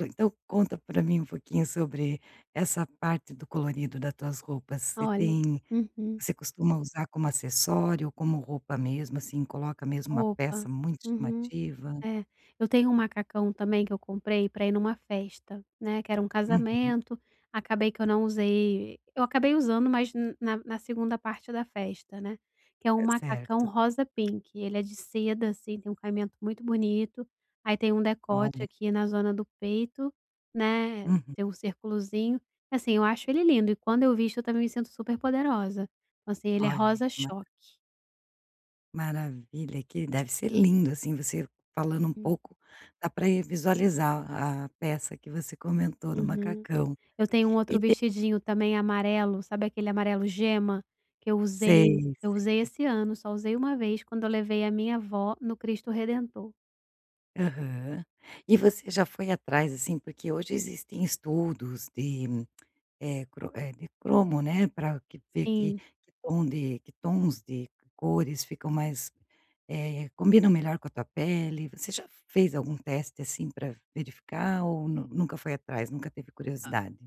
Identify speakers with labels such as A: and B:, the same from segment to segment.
A: Então conta pra mim um pouquinho sobre essa parte do colorido da tuas roupas. Você
B: Olha.
A: tem
B: Uhum.
A: você costuma usar como acessório, como roupa mesmo, assim, coloca mesmo uma peça
B: Roupa.
A: muito
B: Uhum.
A: chamativa?
B: É, eu tenho um macacão também que eu comprei pra ir numa festa, né, que era um
A: Uhum.
B: casamento, acabei que eu não usei eu acabei usando, mas na na 2º parte da festa, né, que é um macacão
A: Certo.
B: rosa pink. Ele é de seda, assim, tem um caimento muito bonito, aí tem um decote
A: Olha.
B: aqui na zona do peito, né,
A: Uhum.
B: tem um circulozinho. Assim, eu acho ele lindo e quando eu visto eu também me sinto super poderosa. Então, assim, ele é
A: Olha
B: rosa
A: que ma
B: choque.
A: maravilha, que deve ser lindo, assim, você falando um
B: Uhum.
A: pouco dá pra ir visualizar a peça que você comentou no
B: Uhum.
A: macacão.
B: Eu tenho um
A: E
B: outro
A: te
B: vestidinho também amarelo, sabe aquele amarelo gema? Que eu usei
A: Sei,
B: eu usei
A: sei.
B: esse ano, só usei uma vez quando eu levei a minha avó no Cristo Redentor.
A: Aham. E você já foi atrás, assim, porque hoje existem estudos de, eh, cro eh, de cromo, né, pra que ter que
B: Sim.
A: que tom de que tons de cores ficam mais, eh, combinam melhor com a tua pele. Você já fez algum teste assim pra verificar ou nu nunca foi atrás, nunca teve curiosidade?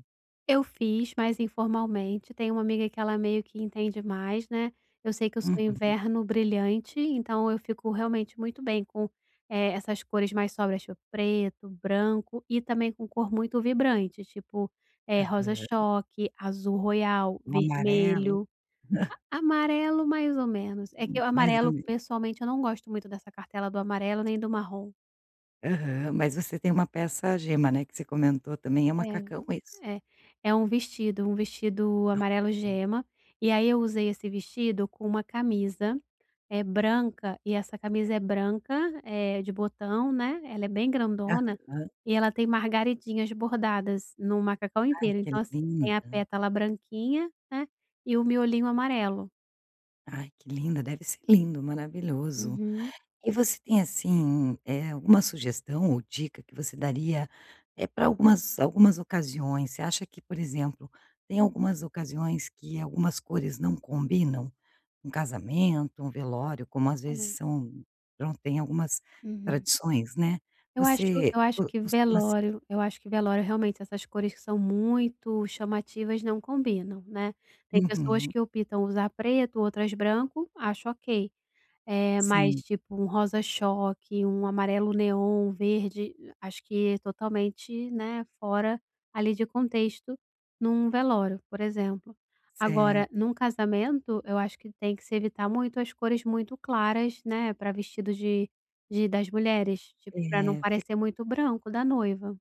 B: Eu fiz, mas informalmente, tenho uma amiga que ela meio que entende mais, né, eu sei que eu sou
A: Uhum.
B: inverno brilhante. Então eu fico realmente muito bem com, eh, essas cores mais sóbrias, tipo preto, branco e também com cor muito vibrante, tipo, eh, rosa
A: Aham.
B: choque, azul royal,
A: Um amarelo.
B: vermelho, amarelo mais ou menos. É que o
A: Mais ou
B: amarelo
A: me
B: pessoalmente eu não gosto muito dessa cartela do amarelo, nem do marrom.
A: Aham, mas você tem uma peça gema, né, que você comentou também. É um macacão
B: É,
A: isso?
B: é. É um vestido, um vestido amarelo
A: [unintelligible]
B: gema. E aí eu usei esse vestido com uma camisa, eh, branca e essa camisa é branca, é de botão, né, ela é bem grandona
A: Aham.
B: e ela tem margaridinhas bordadas no macacão
A: Ai
B: inteiro.
A: que
B: Então, assim, tem a
A: linda.
B: pétala branquinha, né, e o miolinho amarelo.
A: Ai que linda, deve ser lindo, maravilhoso.
B: Uhum.
A: E você tem, assim, eh, alguma sugestão ou dica que você daria, eh, pra algumas algumas ocasiões. Você acha que, por exemplo, tem algumas ocasiões que algumas cores não combinam? Um casamento, um velório, como às vezes
B: É.
A: são pronto, tem algumas
B: Hum.
A: tradições, né,
B: Eu acho
A: você
B: eu acho
A: co
B: que
A: costuma se
B: velório eu acho que velório, realmente, essas cores que são muito chamativas não combinam, né. Tem pessoas
A: Uhum.
B: que optam usar preto, outras branco, acho ok. Eh, mas,
A: Sim.
B: tipo, um rosa choque, um amarelo neon, verde, acho que totalmente, né, fora ali de contexto num velório, por exemplo. Agora num
A: Certo.
B: casamento, eu acho que tem que se evitar muito as cores muito claras, né, pra vestido de de das mulheres, tipo, pra não
A: É, fi
B: parecer muito branco da noiva.